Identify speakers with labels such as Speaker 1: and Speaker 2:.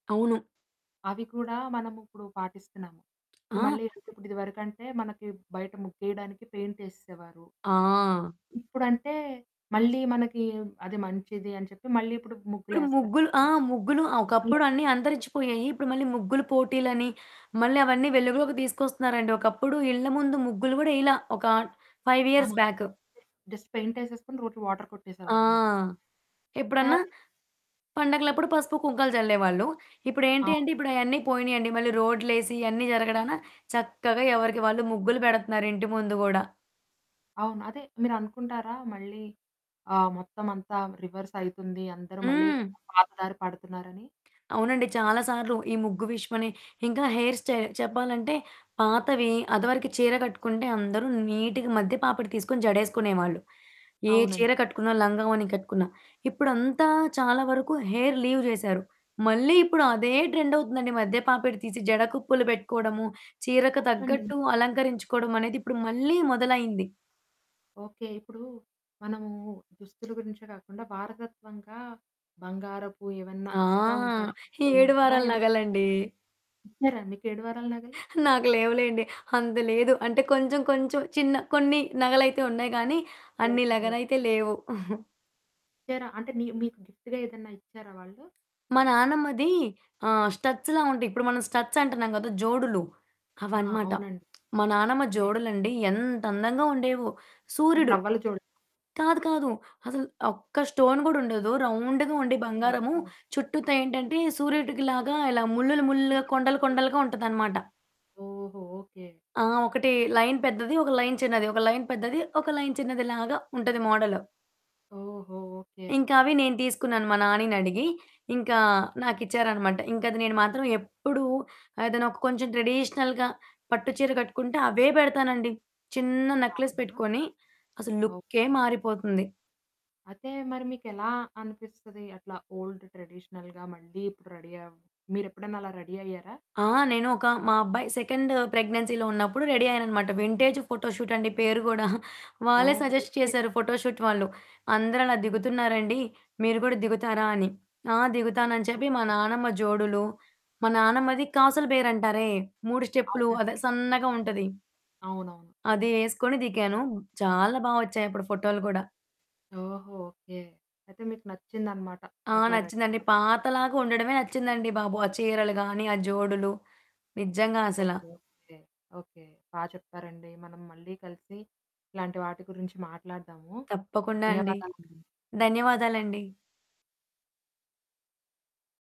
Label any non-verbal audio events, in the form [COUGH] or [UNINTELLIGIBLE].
Speaker 1: అవును.
Speaker 2: అవి కూడా మనముప్పుడు పాటిస్తున్నాము. ఇప్పుడు
Speaker 1: ఆ!
Speaker 2: మళ్ళీ ఇప్పుడిదివరకంటే మనకి బయట ముగ్గేయడానికి పెయింటేసేసేవారు.
Speaker 1: ఆ!
Speaker 2: ఇప్పుడంటే, మళ్ళీ మనకీ మ్ అది మంచిది అని చెప్పి మళ్ళీ ఇప్పుడు
Speaker 1: ఇప్పుడు
Speaker 2: ముగ్గులేస్తునాం.
Speaker 1: ముగ్గులు ఆ! ముగ్గులు ఆహ్, ఒకప్పుడు అన్ని
Speaker 2: మళ్ళిట్లాంటియి
Speaker 1: అంతరిచ్చిపోయాయి. ఇప్పుడు మళ్ళీ ముగ్గులు పోటీలని, మళ్ళి అవన్నీ వెలుగులోకి దీసుకొస్తున్నారండి. ఒకప్పుడు ఇళ్ళ ముందు ముగ్గులు గూడా యేయలా, ఒకా 5
Speaker 2: ఆ!
Speaker 1: ఇయర్స్
Speaker 2: అంతే
Speaker 1: బ్యాక్.
Speaker 2: జస్ట్ పెయింటేసేసుకొని రోజు వాటర్
Speaker 1: ఆ!
Speaker 2: కొట్టేసేవారు ముగ్
Speaker 1: ఎప్పుడన్నా
Speaker 2: అదే.
Speaker 1: పండగలప్పుడు పసుపు, కుంకాలు జల్లేవాళ్ళు. ఇప్పుడేంటి
Speaker 2: అవును.
Speaker 1: అంటే, ఇప్పుడయన్నీ పోయినియండి. మళ్ళీ రోడ్లేసి ఇయన్నీ జరగడాన, చక్కగా ఎవరికి వాళ్ళు ముగ్గులు బెడతన్నారు ఇంటి ముందు గూడా.
Speaker 2: అవును. అదే. మీరనుకుంటారా మళ్ళీ ఆహ్, మొత్తమంతా రివర్సయితుంది, అందరు మళ్ళీ
Speaker 1: హ్మ్.
Speaker 2: పాత దారి పడతన్నారని?
Speaker 1: అవునండి. చాలా సార్లు ఈ ముగ్గు విషయమనే, ఇంకా హెయిర్ స్టైల్. చెప్పాలంటే, పాతవి అదవరకి చీర గట్టుకుంటే అందరూ నీటుగా మధ్య పాపిడి తీసుకొని జడేసుకునేవాళ్ళు, ఏ
Speaker 2: అవునండి.
Speaker 1: చీర కట్టుకున్నా, లంగావోణి కట్టుకున్నా. ఇప్పుడంతా చాలా వరకు హెయిర్ లీవ్ జేశారు. మళ్ళీ ఇప్పుడు అదే ట్రెండవుతుందండి, మధ్య పాపిడి తీసి జడ కుప్పులు పెట్టుకోడము, చీరకు
Speaker 2: అవునండి.
Speaker 1: తగ్గట్టు అలంకరించుకోడమనేది ఇప్పుడు మళ్ళీ మొదలైంది.
Speaker 2: ఓకే. ఇప్పుడూ మనమూ దుస్తులు గురించే గాకుండా వారసత్వంగా బంగారపు ఏవన్నా
Speaker 1: ఆ!
Speaker 2: ఇస్తా ఉంటారా?
Speaker 1: ఈ
Speaker 2: ఆమె
Speaker 1: ఏడు
Speaker 2: గుర్తుగా
Speaker 1: వారాల
Speaker 2: ఏమన్నా
Speaker 1: నగలండీ.
Speaker 2: ఇచ్చారా ఇచ్చారా నీకు ఏడు వారాల నగలు?
Speaker 1: నాకు లేవులేండి. అంత లేదు. అంటే, కొంచెం, కొంచెం చిన్న కొన్ని నగలయితే ఉన్నాయి గానీ, అన్ని
Speaker 2: ఓకే.
Speaker 1: నగలైతే లేవు. [CHUCKLES]
Speaker 2: ఇచ్చారా? అంటే, నీ మీకు గిఫ్టుగా ఏదన్నా ఇచ్చారా వాళ్ళు?
Speaker 1: మా నానమ్మదీ ఆహ్, స్టడ్స్‌లా ఉంటాయి. ఇప్పుడు మనం స్టడ్సంటన్నాం గదా! జోడులు,
Speaker 2: ఆ!
Speaker 1: అవనమాట.
Speaker 2: అవునండి.
Speaker 1: మా నానమ్మ
Speaker 2: ఓకే.
Speaker 1: జోడులండి ఎంతందంగా ఉండేవో.
Speaker 2: అది
Speaker 1: సూర్యుడు
Speaker 2: రవ్వల జోడు.
Speaker 1: కాదు, కాదు. అసలు ఒక్క స్టోన్ గూడుండదు. రౌండుగా ఉండి
Speaker 2: అవునా!
Speaker 1: బంగారము,
Speaker 2: ఓకే.
Speaker 1: చుట్టూతా ఏంటంటే సూర్యుడికిలాగా ఇలా ముల్లులు ముల్లులుగా, కొండలు
Speaker 2: [UNINTELLIGIBLE]
Speaker 1: కొండలుగా ఉంటదనమాట.
Speaker 2: ఓహో ఓకే.
Speaker 1: ఆ! ఒకటి లైన్ పెద్దది, ఒక లైన్ చిన్నది. ఒక లైన్ పెద్దది, ఒక లైన్ చిన్నదిలాగా ఉంటది మోడల్.
Speaker 2: ఓహో! ఓకే.
Speaker 1: ఇంకవి నేను తీసుకున్నాను మా నానీనడిగి. ఇంకా నాకిచ్చారనమాట. ఇంకది నేను మాత్రం ఎప్పుడూ ఏదైనొక కొంచెం ట్రెడీషనల్‌గా పట్టు చీర గట్టుకుంటే అవే పెడతానండి. చిన్న నక్లెస్
Speaker 2: అవునా!
Speaker 1: పెట్టుకొని. అసలు లుక్కే
Speaker 2: ఓకే.
Speaker 1: మారిపోతుంది.
Speaker 2: అయితే, మరి మీకెలా అనిపిస్తది అట్లా ఓల్డ్ ట్రెడిషనల్‌గా మళ్ళీ ఇప్పుడు రెడీ అవ్ మీరెప్పుడన్న అలా రెడీ అయ్యారా?
Speaker 1: ఆ! నేను ఒక మా అబ్బాయి సెకండ్ ప్రెగ్నెన్సీలో ఉన్నప్పుడు రెడీ అయ్యాననమాట. వింటేజు ఫోటో షూటండి పేరు గూడా. వాళ్ళే
Speaker 2: ఓహో!
Speaker 1: Suggest
Speaker 2: okay.
Speaker 1: చేశారు ఫోటో షూట్ వాళ్ళు. అందరలా దిగుతున్నారండి, మీరు గూడా దిగుతారా అని. ఆ! దిగుతానని చెప్పి మా నానమ్మ జోడులు, మా నానమ్మది కాసుల బేరంటారే, 3 స్టెప్పులు
Speaker 2: అవునండి.
Speaker 1: అదే సన్నగా ఉంటది.
Speaker 2: అవునవును.
Speaker 1: అది యేసుకొని దిగాను. చాలా బా ఒచ్చాయి అప్పుడు ఫోటోలు గూడా.
Speaker 2: ఓహో! ఓకే. అయితే మీకు నచ్చిందనమాట
Speaker 1: ఆ!
Speaker 2: అట్లా రెడీ
Speaker 1: నచ్చిందండి.
Speaker 2: అవ్వటం.
Speaker 1: పాతలాగా ఉండడమే నచ్చిందండి బాబు, ఆ చీరలు గానీ, ఆ జోడులు. నిజ్జంగా అసల.
Speaker 2: ఓకే. ఓకే. ఓకే. బా చెప్పారండీ. మనం మళ్ళీ కలిసి ఇట్లాంటి వాటి గురించి మాట్లాడదాము.
Speaker 1: తప్పకుండా అండి.
Speaker 2: ధన్యవాదాలండి.
Speaker 1: ధన్యవాదాలండి.